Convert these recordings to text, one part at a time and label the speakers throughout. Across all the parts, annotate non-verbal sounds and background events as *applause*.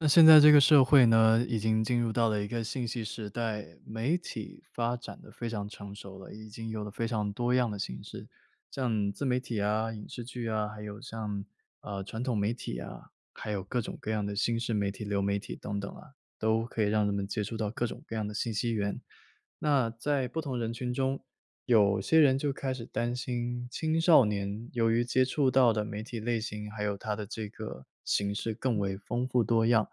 Speaker 1: 那现在这个社会呢，已经进入到了一个信息时代，媒体发展得非常成熟了。已经有了非常多样的形式。像自媒体啊、影视剧啊，还有像，呃，传统媒体啊，还有各种各样的新式媒体、流媒体，等等啊，都可以让人们接触到各种各样的信息源。那在不同人群中，有些人就开始担心，青少年由于接触到的媒体类型，还有它的这个形式更为丰富多样，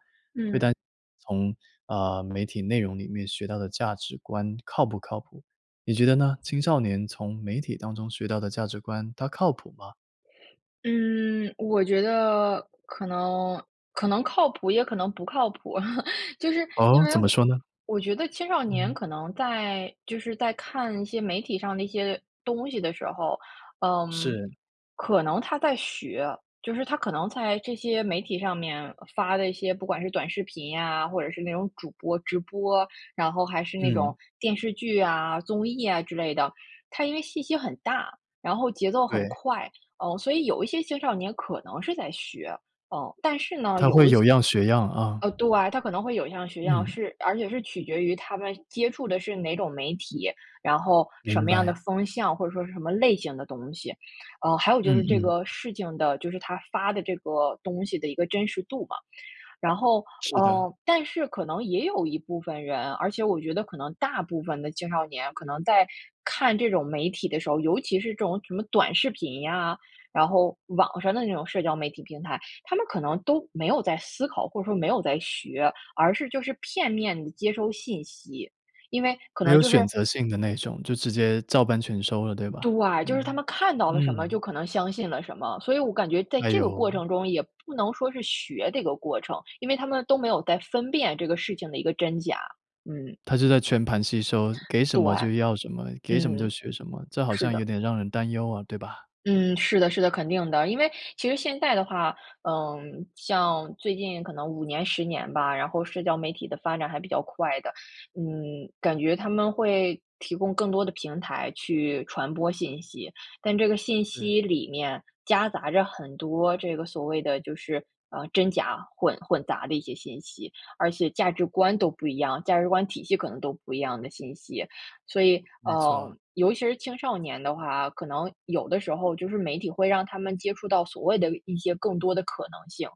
Speaker 1: 会
Speaker 2: 嗯。
Speaker 1: 担心从，呃，媒体内容里面学到的价值观靠不靠谱，你觉得呢？青少年从媒体当中学到的价值观，它靠谱吗？
Speaker 2: 嗯，我觉得，可能可能靠谱，也可能不靠谱。*laughs* 就是因
Speaker 1: 哦？
Speaker 2: 为，
Speaker 1: 怎么说呢？
Speaker 2: 我觉得青少年
Speaker 1: 嗯。
Speaker 2: 可能在就是在看一些媒体上的一些东西的时候，嗯，
Speaker 1: 是。
Speaker 2: 可能他在学，就是他可能在这些媒体上面发的一些，不管是短视频呀，或者是那种主播直播，然后还是那
Speaker 1: 嗯。
Speaker 2: 种电视剧啊、综艺啊之类的。它因为信息很大，然后节奏很
Speaker 1: 对。
Speaker 2: 快，嗯，所以有一些青少年可能是在学，嗯。但是呢，
Speaker 1: 他会
Speaker 2: 有一
Speaker 1: 有
Speaker 2: 些
Speaker 1: 样学样啊。
Speaker 2: 呃，对，他可能会有样学样，
Speaker 1: 嗯。
Speaker 2: 是而且是取决于他们接触的是哪种媒体，然后什
Speaker 1: 明
Speaker 2: 么样的
Speaker 1: 白。
Speaker 2: 风向，或者说是什么类型的东西。嗯，还有
Speaker 1: 嗯，
Speaker 2: 就是这
Speaker 1: 嗯。
Speaker 2: 个事情的，就是他发的这个东西的一个真实度嘛。然后，
Speaker 1: 是的。
Speaker 2: 嗯，但是可能也有一部分人，而且我觉得可能大部分的青少年，可能在看这种媒体的时候，尤其是这种什么短视频呀，然后网上的那种社交媒体平台，他们可能都没有在思考，或者说没有在学，而是就是片面地接收信息。因为，可
Speaker 1: 没
Speaker 2: 能
Speaker 1: 有
Speaker 2: 就
Speaker 1: 选
Speaker 2: 是
Speaker 1: 择性的那种，就直接照搬全收了，对吧？
Speaker 2: 对，就是他
Speaker 1: 嗯，
Speaker 2: 们看到了什么，
Speaker 1: 嗯。
Speaker 2: 就可能相信了什么。所以我感觉在
Speaker 1: 哎
Speaker 2: 这个过
Speaker 1: 呦。
Speaker 2: 程中，也不能说是学这个过程，因为他们都没有在分辨这个事情的一个真假，嗯。
Speaker 1: 他就在全盘吸收，
Speaker 2: *inhales*
Speaker 1: 给什
Speaker 2: 对，
Speaker 1: 么就要什么，给什么就
Speaker 2: 嗯，
Speaker 1: 学什么，这好
Speaker 2: 是
Speaker 1: 像有
Speaker 2: 的。
Speaker 1: 点让人担忧啊，对吧？
Speaker 2: 嗯，是的，是的，肯定的。因为其实现在的话，嗯，像最近可能5年、10年吧，然后社交媒体的发展还比较快的。嗯，感觉他们会提供更多的平台去传播信息。但这个信
Speaker 1: 对。
Speaker 2: 息里面，夹杂着很多这个所谓的就是，呃，真假混混杂的一些信息，而且价值观都不一样，价值观体系可能都不一样的信息。所以，
Speaker 1: 没错。
Speaker 2: 嗯，尤其是青少年的话，可能有的时候，就是媒体会让他们接触到，所谓的一些更多的可能性。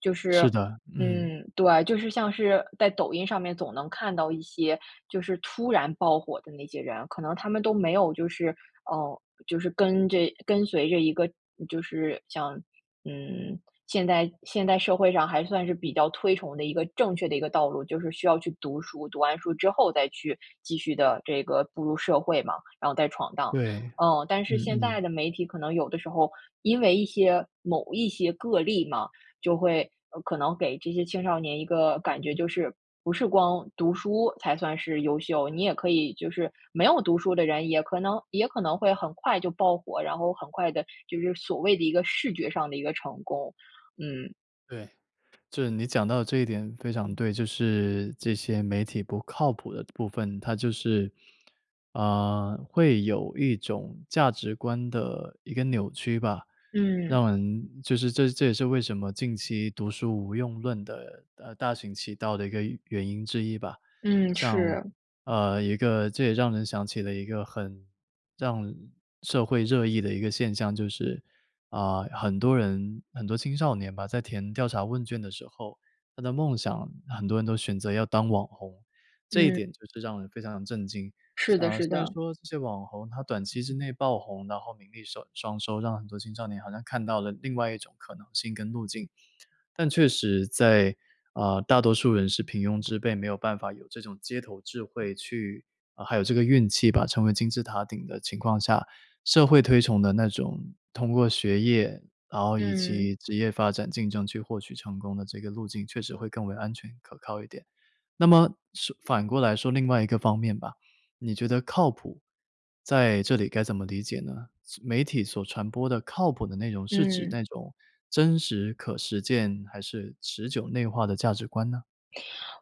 Speaker 2: 就是
Speaker 1: 是的，嗯。
Speaker 2: 嗯，对，就是像是在抖音上面总能看到一些，就是突然爆火的那些人，可能他们都没有就是，嗯，就是跟着跟随着一个就是像嗯，现代现代社会上还算是比较推崇的一个正确的一个道路，就是需要去读书，读完书之后再去继续地这个步入社会嘛，然后再闯荡。
Speaker 1: 对，
Speaker 2: 嗯，但是
Speaker 1: 嗯
Speaker 2: 现在
Speaker 1: 嗯。
Speaker 2: 的媒体可能有的时候，因为一些某一些个例嘛，就会，呃，可能给这些青少年一个感觉，就是不是光读书才算是优秀，你也可以就是没有读书的人，也可能也可能会很快就爆火，然后很快地，就是所谓的一个视觉上的一个成功，嗯。
Speaker 1: 对，就是你讲到的这一点非常对。就是这些媒体不靠谱的部分，它就是，呃，会有一种价值观的一个扭曲吧。
Speaker 2: 嗯。
Speaker 1: 让人就是这这也是为什么近期读书无用论的呃，大行其道的一个原因之一吧。
Speaker 2: 嗯，
Speaker 1: 像
Speaker 2: 是。
Speaker 1: 呃，一个这也让人想起了一个很让社会热议的一个现象，就是，啊，很多人很多青少年吧，在填调查问卷的时候，他的梦想，很多人都选择要当网红。这一
Speaker 2: 嗯。
Speaker 1: 点就是让人非常地震惊。
Speaker 2: 是的，
Speaker 1: 啊，
Speaker 2: 是
Speaker 1: 虽然
Speaker 2: 的。
Speaker 1: 说这些网红他短期之内爆红，然后名利收双收，让很多青少年好像看到了另外一种可能性跟路径。但确实在啊，大多数人是平庸之辈，没有办法有这种街头智慧去啊还有这个运气吧，成为金字塔顶的情况下，社会推崇的那种通过学业，然后以
Speaker 2: 嗯。
Speaker 1: 及职业发展竞争去获取成功的这个路径，确实会更为安全可靠一点。那么，是反过来说另外一个方面吧，你觉得靠谱，在这里该怎么理解呢？所媒体所传播的靠谱的内容，是指
Speaker 2: 嗯。
Speaker 1: 那种真实可实践，还是持久内化的价值观呢？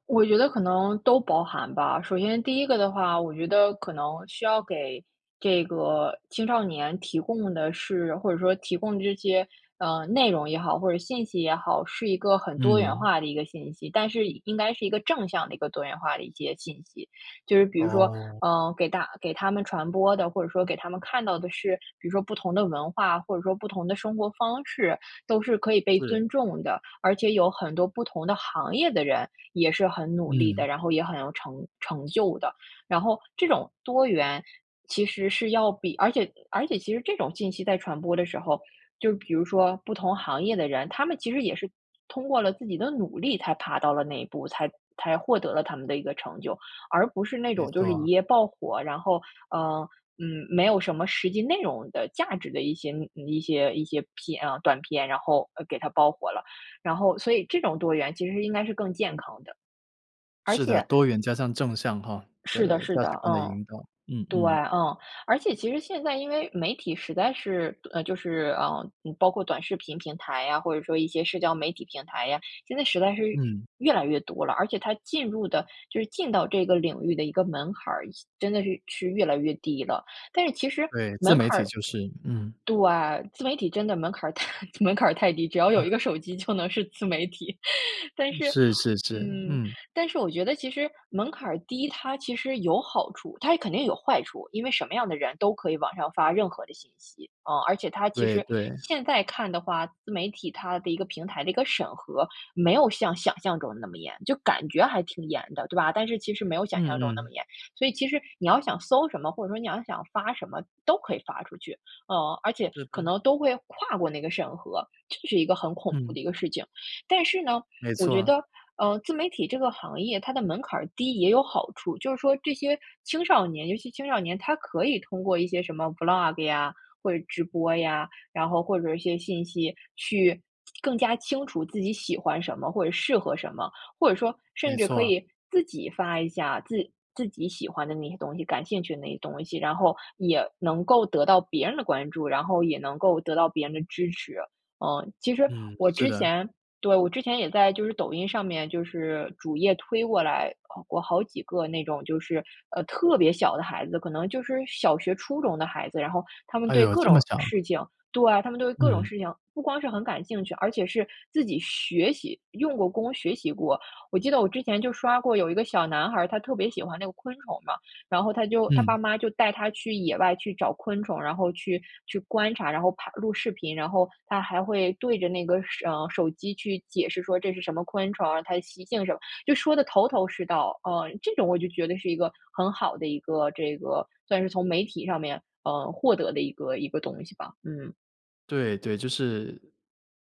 Speaker 2: 我觉得可能都包含吧。首先第1个的话，我觉得可能需要给这个青少年提供的是或者说提供这些，呃，内容也好，或者信息也好，是一个很多元
Speaker 1: 嗯。
Speaker 2: 化的一个信息，但是应应该是一个正向的一个多元化的一些信息。就是比如说，
Speaker 1: 哦。
Speaker 2: 呃，给大给他们传播的，或者说给他们看到的是，比如说不同的文化，或者说不同的生活方式，都是可以被
Speaker 1: 是。
Speaker 2: 尊重的。而且有很多不同的行业的人也是很努力
Speaker 1: 嗯。
Speaker 2: 的，然后也很有成成就的。然后，这种多元，其实是要比而且而且其实这种信息在传播的时候，就比如说不同行业的人，他们其实也是通过了自己的努力才爬到了那一步，才才获得了他们的一个成就，而不是那
Speaker 1: 没
Speaker 2: 种就是一
Speaker 1: 错。
Speaker 2: 夜爆火，然后，呃，嗯没有什么实际内容的、价值的一些嗯，一些一些片哦短片，然后给他爆火了。然后，所以这种多元其实是应该是更健康的。而
Speaker 1: 是的，
Speaker 2: 且
Speaker 1: 多元加上正向哈，
Speaker 2: 是的，
Speaker 1: 的
Speaker 2: 是
Speaker 1: 价
Speaker 2: 的，
Speaker 1: 值观的
Speaker 2: 嗯，
Speaker 1: 引导，嗯，
Speaker 2: 对，
Speaker 1: 嗯。
Speaker 2: 嗯。而且其实现在因为媒体实在是，呃就是嗯，包括短视频平台呀，或者说一些社交媒体平台呀，现在实在是
Speaker 1: 嗯。
Speaker 2: 越来越多了。而且它进入的就是进到这个领域的一个门槛儿，趋真的是趋于越来越低了。但是其实
Speaker 1: 对，自
Speaker 2: 门
Speaker 1: 媒
Speaker 2: 槛
Speaker 1: 体
Speaker 2: 儿
Speaker 1: 就是，嗯。
Speaker 2: 对，自媒体真的门槛儿太门槛儿太低，只要有
Speaker 1: 啊。
Speaker 2: 一个手机就能是自媒体。*laughs* 但
Speaker 1: 嗯，
Speaker 2: 是，
Speaker 1: 是，是，是，
Speaker 2: 嗯，
Speaker 1: 嗯。
Speaker 2: 但是我觉得其实门槛儿低，它其实有好处。它也肯定有坏处，因为什么样的人都可以往上发任何的信息。啊，而且它其
Speaker 1: 对，
Speaker 2: 实
Speaker 1: 对。
Speaker 2: 现在看的话，自媒体它的一个平台的一个审核，没有像想象中那么严，就感觉还挺严的，对吧？但是其实没有想象
Speaker 1: 嗯，
Speaker 2: 中那么
Speaker 1: 嗯。
Speaker 2: 严。所以其实你要想搜什么，或者说你要想发什么都可以发出去。呃，而且
Speaker 1: 是
Speaker 2: 可
Speaker 1: 班。
Speaker 2: 能都会跨过那个审核，这是一个很恐怖
Speaker 1: 嗯。
Speaker 2: 的一个事情。但是呢，
Speaker 1: 没
Speaker 2: 我
Speaker 1: 错
Speaker 2: 觉
Speaker 1: 啊。
Speaker 2: 得，呃，自媒体这个行业它的门槛儿低也有好处。就是说这些青少年，尤其青少年，他可以通过一些什么 Vlog 呀，或者直播呀，然后或者一些信息，去更加清楚自己喜欢什么或者适合什么。或者说甚
Speaker 1: 没
Speaker 2: 至
Speaker 1: 错
Speaker 2: 可
Speaker 1: 啊。
Speaker 2: 以自己发一下自自己喜欢的那些东西、感兴趣的那些东西，然后也能够得到别人的关注，然后也能够得到别人的支持，嗯。其实
Speaker 1: 嗯，
Speaker 2: 我
Speaker 1: 是
Speaker 2: 之
Speaker 1: 的。
Speaker 2: 前对，我之前也在就是抖音上面，就是主页推过来，呃，过好几个那种就是，呃，特别小的孩子，可能就是小学初中的孩子，然后他们
Speaker 1: 哎
Speaker 2: 对
Speaker 1: 呦，
Speaker 2: 各
Speaker 1: 这么
Speaker 2: 种
Speaker 1: 小。
Speaker 2: 事情对，他们对各种
Speaker 1: 嗯。
Speaker 2: 事情不光是很感兴趣，而且是自己学习，用过功学习过。我记得我之前就刷过有一个小男孩儿，他特别喜欢那个昆虫嘛，然后他就他爸
Speaker 1: 嗯。
Speaker 2: 妈就带他去野外去找昆虫，然后去，去观察，然后拍录视频。然后他还会对着那个手呃，手机去解释说，这是什么昆虫啊，它的习性什么，就说得头头是道。呃，这种我就觉得是一个很好的一个，这个，算是从媒体上面，呃，获得的一个一个东西吧，嗯。
Speaker 1: 对，对，就是，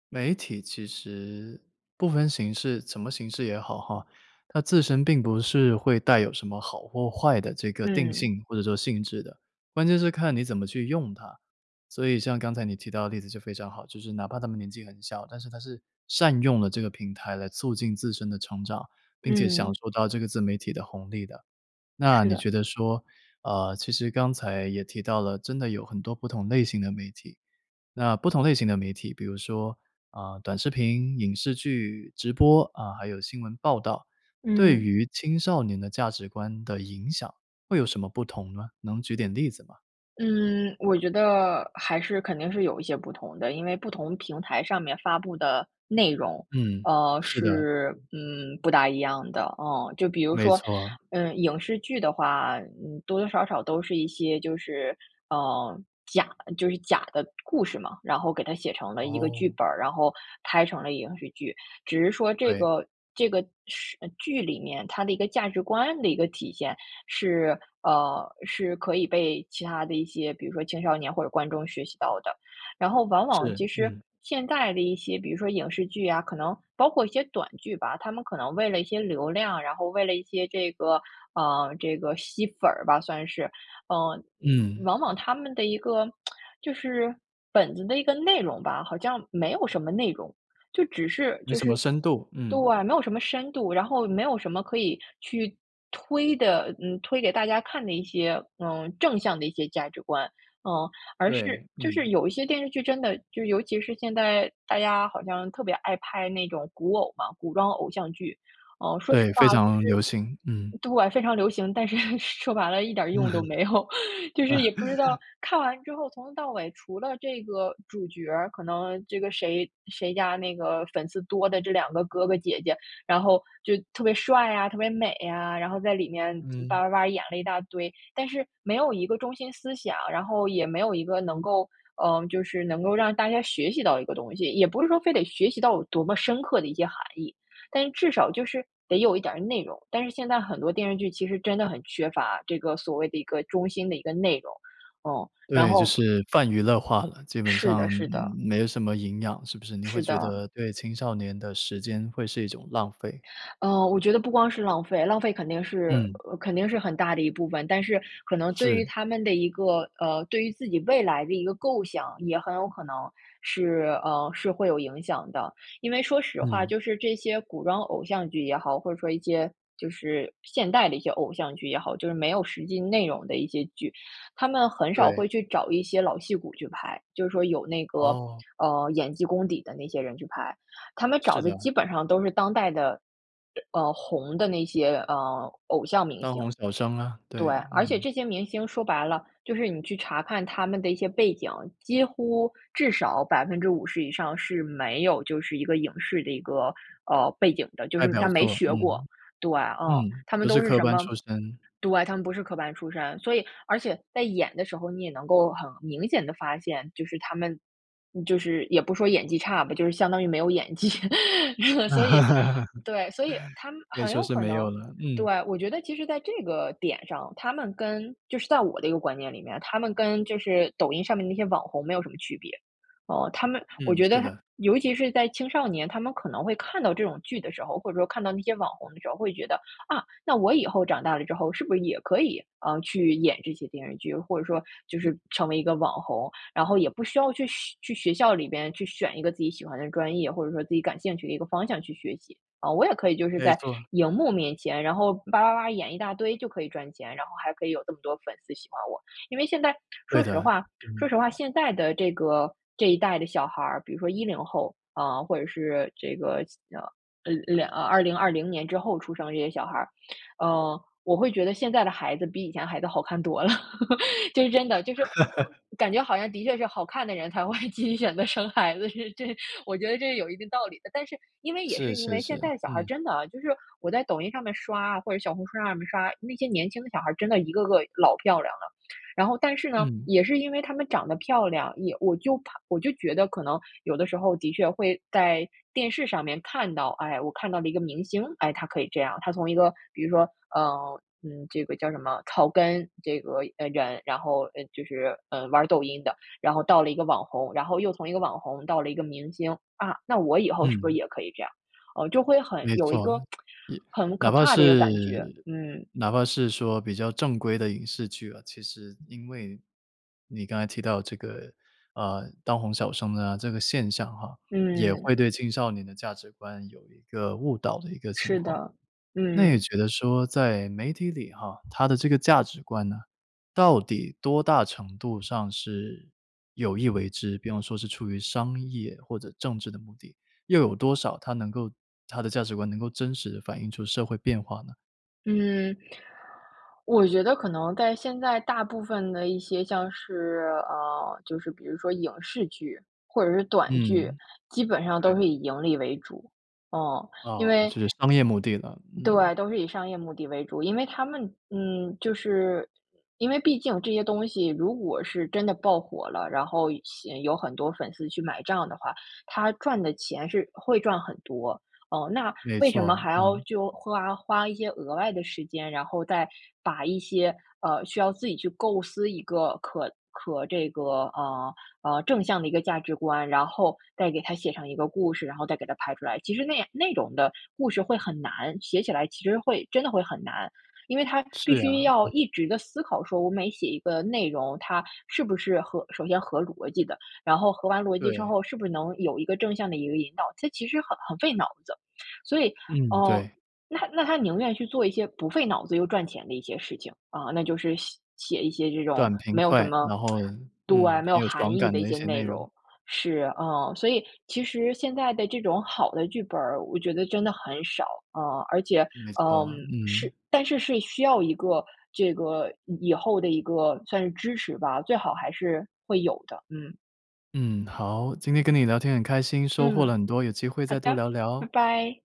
Speaker 1: 媒体其实不分形式，什么形式也好哈，它自身并不是会带有什么好或坏的这个定
Speaker 2: 嗯。
Speaker 1: 性或者说性质的，关键是看你怎么去用它。所以像刚才你提到的例子就非常好，就是哪怕他们年纪很小，但是他是善用了这个平台来促进自身的成长，并且享
Speaker 2: 嗯。
Speaker 1: 受到这个自媒体的红利的。那
Speaker 2: 是
Speaker 1: 你
Speaker 2: 的。
Speaker 1: 觉得说，呃，其实刚才也提到了，真的有很多不同类型的媒体。那不同类型的媒体，比如说，啊，短视频、影视剧、直播，啊，还有新闻报道，对
Speaker 2: 嗯。
Speaker 1: 于青少年的价值观的影响会有什么不同呢？能举点例子吗？
Speaker 2: 嗯，我觉得还是肯定是有一些不同的，因为不同平台上面发布的内容，
Speaker 1: 嗯，
Speaker 2: 呃，
Speaker 1: 是的。
Speaker 2: 是，嗯，不大一样的，嗯。就比如
Speaker 1: 没
Speaker 2: 说，
Speaker 1: 错。
Speaker 2: 嗯，影视剧的话，嗯，多多少少都是一些就是，嗯，假就是假的故事嘛，然后给它写成了一个剧
Speaker 1: 哦。
Speaker 2: 本儿，然后拍成了影视剧。只是说这
Speaker 1: 对。
Speaker 2: 个这个时剧里面，它的一个价值观的一个体现是呃，是可以被其他的一些，比如说青少年或者观众学习到的。然后往往
Speaker 1: 是，
Speaker 2: 其实
Speaker 1: 嗯。
Speaker 2: 现在的一些，比如说影视剧啊，可能包括一些短剧吧，他们可能为了一些流量，然后为了一些这个，嗯，这个吸粉儿吧算是。嗯，嗯，
Speaker 1: 嗯。
Speaker 2: 往往他们的一个，*tsk* 就是本子的一个内容吧，好像没有什么内容，就只是
Speaker 1: 没
Speaker 2: 就
Speaker 1: 什
Speaker 2: 是
Speaker 1: 么深度，嗯。
Speaker 2: 对，没有什么深度，然后没有什么可以去推的嗯，推给大家看的一些，嗯，正向的一些价值观。嗯，而是
Speaker 1: 对，
Speaker 2: 就是
Speaker 1: 嗯。
Speaker 2: 有一些电视剧真的就尤其是现在大家好像特别爱拍那种古偶嘛-古装偶像剧。哦，说实
Speaker 1: 对，非
Speaker 2: 话就
Speaker 1: 常
Speaker 2: 是
Speaker 1: 流行，嗯。
Speaker 2: 对，非常流行，但是说白了一点
Speaker 1: 嗯
Speaker 2: 用都
Speaker 1: 哼。
Speaker 2: 没有，就是也不知道，
Speaker 1: *laughs*
Speaker 2: 看完之后从头到尾除了这个主角儿，可能这个谁谁家那个粉丝多的这2个哥哥姐姐，然后就特别帅啊、特别美啊，然后在里面吧
Speaker 1: 嗯。
Speaker 2: 吧吧演了一大堆。但是，没有一个中心思想，然后也没有一个能够，嗯，就是能够让大家学习到一个东西，也不是说非得学习到有多么深刻的一些含义，但是至少就是得有一点儿内容。但是现在很多电视剧其实真的很缺乏，这个所谓的一个中心的一个内容。嗯，然
Speaker 1: 对，就
Speaker 2: 后
Speaker 1: 是泛娱乐化了，基本
Speaker 2: 是的，
Speaker 1: 上，
Speaker 2: 是
Speaker 1: 嗯，
Speaker 2: 的。
Speaker 1: 没有什么营养，是不是？你会
Speaker 2: 是
Speaker 1: 觉
Speaker 2: 的。
Speaker 1: 得对青少年的时间，会是一种浪费。
Speaker 2: 嗯，我觉得不光是浪费，浪费肯定是，
Speaker 1: 嗯。
Speaker 2: 呃，肯定是很大的一部分，但是可能对于
Speaker 1: 是。
Speaker 2: 他们的一个呃，对于自己未来的一个构想，也很有可能，是，嗯，是会有影响的。因为说实话，
Speaker 1: 嗯。
Speaker 2: 就是这些古装偶像剧也好，或者说一些，就是现代的一些偶像剧也好，就是没有实际内容的一些剧，他们很少会
Speaker 1: 对。
Speaker 2: 去找一些老戏骨去拍，就是说有那个，
Speaker 1: 哦。
Speaker 2: 嗯，演技功底的那些人去拍。他们找
Speaker 1: 是
Speaker 2: 的
Speaker 1: 的。
Speaker 2: 基本上都是当代的呃嗯，红的那些，嗯，偶像明
Speaker 1: 当
Speaker 2: 星。
Speaker 1: 红小生啊，
Speaker 2: 对，
Speaker 1: 对，
Speaker 2: 而且
Speaker 1: 嗯。
Speaker 2: 这些明星说白了，就是你去查看他们的一些背景，几乎至少50%以上是没有，就是一个影视的一个，呃，背景的，就
Speaker 1: 代
Speaker 2: 是
Speaker 1: 表
Speaker 2: 他没
Speaker 1: 作，
Speaker 2: 学过。
Speaker 1: 嗯，
Speaker 2: 对，嗯，
Speaker 1: 嗯，
Speaker 2: 他们
Speaker 1: 不是
Speaker 2: 都是
Speaker 1: 科
Speaker 2: 什
Speaker 1: 班
Speaker 2: 么
Speaker 1: 出身。
Speaker 2: 对，他们不是科班出身。所以而且在演的时候，你也能够很明显地发现，就是他们就是也不说演技差吧，就是相当于没有演技。*laughs* 所以对，所以他
Speaker 1: *laughs*
Speaker 2: 们
Speaker 1: 可以
Speaker 2: 很
Speaker 1: 说
Speaker 2: 有
Speaker 1: 是
Speaker 2: 可
Speaker 1: 没有
Speaker 2: 能
Speaker 1: 了，
Speaker 2: 对，
Speaker 1: 嗯。
Speaker 2: 我觉得其实在这个点上，他们跟-就是在我的一个观念里面-他们跟就是抖音上面那些网红没有什么区别。哦，他们我
Speaker 1: 嗯，
Speaker 2: 觉
Speaker 1: 是
Speaker 2: 得他
Speaker 1: 的。
Speaker 2: 尤其是在青少年，他们可能会看到这种剧的时候，或者说看到那些网红的时候，会觉得，啊，那我以后长大了之后，是不是也可以，嗯，去演这些电视剧，或者说就是
Speaker 1: 嗯。
Speaker 2: 成为一个网红，然后也不需要去学去学校里边去选一个自己喜欢的专业，或者说自己感兴趣的一个方向去学习。嗯，我也可以就是
Speaker 1: 没
Speaker 2: 在
Speaker 1: 错。
Speaker 2: 荧幕面前，然后吧吧吧演一大堆就可以赚钱，然后还可以有这么多粉丝喜欢我。因为现在，
Speaker 1: 对
Speaker 2: 说实
Speaker 1: 的，
Speaker 2: 话
Speaker 1: 嗯。
Speaker 2: 说实话现在的这个这一代的小孩儿，比如说10后，啊，或者是这个，嗯，呃，呃，2020年之后出生的这些小孩，嗯，我会觉得现在的孩子比以前孩子好看多了。*laughs* 这是真的，就是
Speaker 1: *laughs*
Speaker 2: 我感觉好像的确是好看的人才会继续选择生孩子，是这我觉得这是有一定道理的。但是因为，也是
Speaker 1: 是，
Speaker 2: 因
Speaker 1: 是，
Speaker 2: 为现
Speaker 1: 是，
Speaker 2: 在的小孩
Speaker 1: 嗯。
Speaker 2: 真的啊，就是我在抖音上面刷啊，或者小红书上面刷，那些年轻的小孩真的一个个老漂亮了。然后但是呢，
Speaker 1: 嗯。
Speaker 2: 也是因为他们长得漂亮，也我就怕我就觉得可能有的时候的确会在电视上面看到，哎，我看到了一个明星，哎，他可以这样，他从一个比如说，呃，嗯，这个叫什么草根，这个嗯，人，然后，呃，就是，嗯，玩抖音的，然后到了一个网红，然后又从一个网红到了一个明星。啊，那我以后是不是
Speaker 1: 嗯。
Speaker 2: 也可以这样？嗯，就会很
Speaker 1: 没
Speaker 2: 有一
Speaker 1: 错，
Speaker 2: 个
Speaker 1: 也
Speaker 2: *tsk* 很可
Speaker 1: 哪怕
Speaker 2: 怕的一个
Speaker 1: 是
Speaker 2: 感觉，嗯。
Speaker 1: 哪怕是说比较正规的影视剧啊，其实，因为你刚才提到这个，呃，当红小生啊，这个现象哈，也会
Speaker 2: 嗯。
Speaker 1: 对青少年的价值观有一个误导的一个情
Speaker 2: 是
Speaker 1: 况。
Speaker 2: 的，
Speaker 1: 那你
Speaker 2: 嗯。
Speaker 1: 觉得说，在媒体里哈，它的这个价值观呢，到底多大程度上是有意为之？比方说是出于商业或者政治的目的，又有多少它能够它的价值观能够真实地反映出社会变化呢？
Speaker 2: 嗯，我觉得可能在现在大部分的一些像是呃，就是比如说影视剧，或者是短剧，
Speaker 1: 嗯，
Speaker 2: 基本上都
Speaker 1: 对。
Speaker 2: 是以盈利为主。嗯，因
Speaker 1: 啊，
Speaker 2: 为
Speaker 1: 是商业目的了，嗯。
Speaker 2: 对，都是以商业目的为主。因为它们，嗯，就是因为毕竟这些东西如果是真的爆火了，然后吸引有很多粉丝去买账的话，它赚的钱是会赚很多。嗯那，
Speaker 1: 没
Speaker 2: 为什么
Speaker 1: 错，
Speaker 2: 还要
Speaker 1: 嗯。
Speaker 2: 就花花一些额外的时间，然后再把一些，呃，需要自己去构思一个可可这个呃，呃正向的一个价值观，然后再给它写上一个故事，然后再给它拍出来？其实那样那种的故事会很难，写起来其实会真的会很难。因为它
Speaker 1: 是
Speaker 2: 必须
Speaker 1: 呀，
Speaker 2: 要
Speaker 1: 嗯。
Speaker 2: 一直地思考说我每写一个内容，它是不是合首先合逻辑的，然后合完逻辑之
Speaker 1: 对。
Speaker 2: 后，是不是能有一个正向的有一个引导，这其实很很费脑子。所以，
Speaker 1: 嗯，
Speaker 2: 嗯，
Speaker 1: 对。
Speaker 2: 那那他宁愿去做一些不费脑子又赚钱的一些事情，啊，那就是写写一些这种
Speaker 1: 短、平、
Speaker 2: 没有什
Speaker 1: 快，
Speaker 2: 么
Speaker 1: 然后，
Speaker 2: *tsk* 对，
Speaker 1: 嗯，
Speaker 2: 没
Speaker 1: 很
Speaker 2: 有
Speaker 1: 有
Speaker 2: 含
Speaker 1: 爽
Speaker 2: 义
Speaker 1: 感
Speaker 2: 的一
Speaker 1: 的一
Speaker 2: 些
Speaker 1: 些
Speaker 2: 内
Speaker 1: 内容。
Speaker 2: 容。是，啊，所以其实现在的这种好的剧本儿，我觉得真的很少，啊，而且，
Speaker 1: 没
Speaker 2: 嗯，
Speaker 1: 错，嗯。
Speaker 2: 是但是，是需要一个，这个，以以后的一个算是支持吧，最好还是会有的，嗯。
Speaker 1: 嗯，好，今天跟你聊天很开心，收获了
Speaker 2: 嗯，
Speaker 1: 很多，有机会
Speaker 2: 好
Speaker 1: 再多
Speaker 2: 的，
Speaker 1: 聊
Speaker 2: 拜
Speaker 1: 聊。
Speaker 2: 拜。